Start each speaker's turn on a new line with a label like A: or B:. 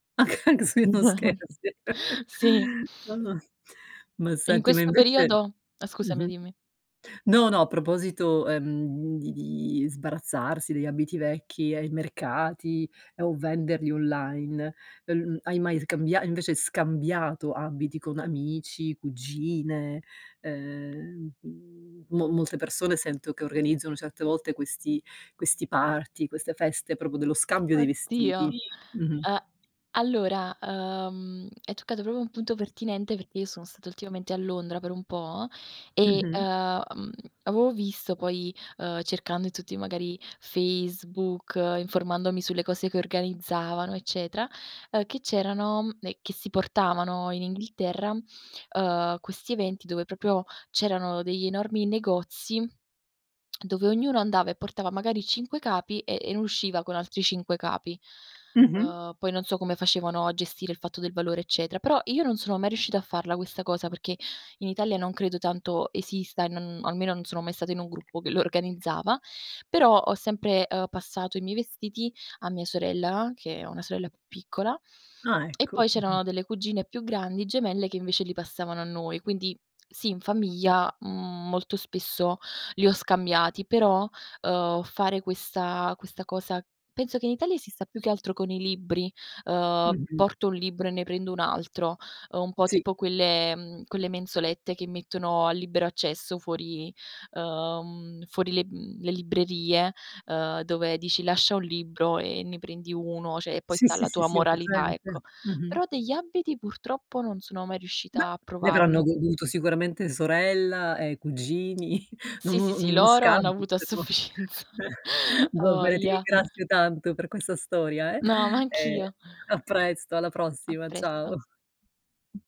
A: Anc anche se non scherzi.
B: Sì.
A: No, no. Ma
B: In
A: senti ma
B: questo
A: invece
B: periodo? Ah scusami
A: mh-mh.
B: dimmi.
A: No, no, a proposito, ehm, di di sbarazzarsi degli abiti vecchi ai mercati, ehm, o venderli online, uhm, l hai mai scambia invece scambiato abiti con amici, cugine? Ehm, mhmm, mo molte persone sento che organizzano certe volte questi questi party, queste feste proprio dello scambio dei vestiti.
B: Oddio.
A: Mh-mh.
B: A allora, uhm, hai toccato proprio un punto pertinente perché io sono stata ultimamente a Londra per un po' e, uhm,
A: Mh-mh.
B: mhmm, avevo visto poi, uhm, cercando in tutti magari Facebook, informandomi sulle cose che organizzavano, eccetera, ehm, che c'erano e che si portavano in Inghilterra, uhm, questi eventi dove proprio c'erano degli enormi negozi, dove ognuno andava e portava magari 5 capi e e ne usciva con altri 5 capi.
A: Mh-mh.
B: Uhm, poi non so come facevano a gestire il fatto del valore eccetera, però io non sono mai riuscita a farla questa cosa perché in Italia non credo tanto esista e non almeno non sono mai stata in un gruppo che lo organizzava, però ho sempre uhm, passato i miei vestiti a mia sorella, che ho una sorella più piccola;
A: Ah
B: e poi
A: ecco, mh-mh.
B: c'erano delle cugine più grandi gemelle che invece li passavano a noi. Quindi sì, in famiglia, mhmm, molto spesso li ho scambiati; però, uhm, fare questa questa cosa penso che in Italia esista più che altro con i libri: uhm,
A: Mh-mh.
B: porto un libro e ne prendo un altro. Uhm, un po'
A: Sì.
B: tipo quelle mhmm, quelle mensolette che mettono a libero accesso fuori uhm, fuori le mhmm, le librerie, uhm, dove dici "lascia un libro e ne prendi uno", cioè, e poi
A: Sì,
B: sta
A: sì,
B: alla
A: sì,
B: tua
A: sì, ho
B: moralità ecco.
A: presente. Mh-mh.
B: Però degli abiti purtroppo non sono mai
A: Beh,
B: riuscita a
A: ne avranno
B: provarlo.
A: goduto sicuramente sorella e cugini. Non
B: Sì, sì,
A: uno n
B: sì,
A: uno
B: loro hanno
A: scambio
B: avuto a
A: però.
B: sufficienza,
A: Eh.
B: 'a
A: Va beh, ti
B: voglia.
A: ringrazio tanto per questa storia eh.
B: No, ma
A: Ehm,
B: anch'io.
A: a presto, alla
B: A
A: prossima,
B: presto.
A: ciao.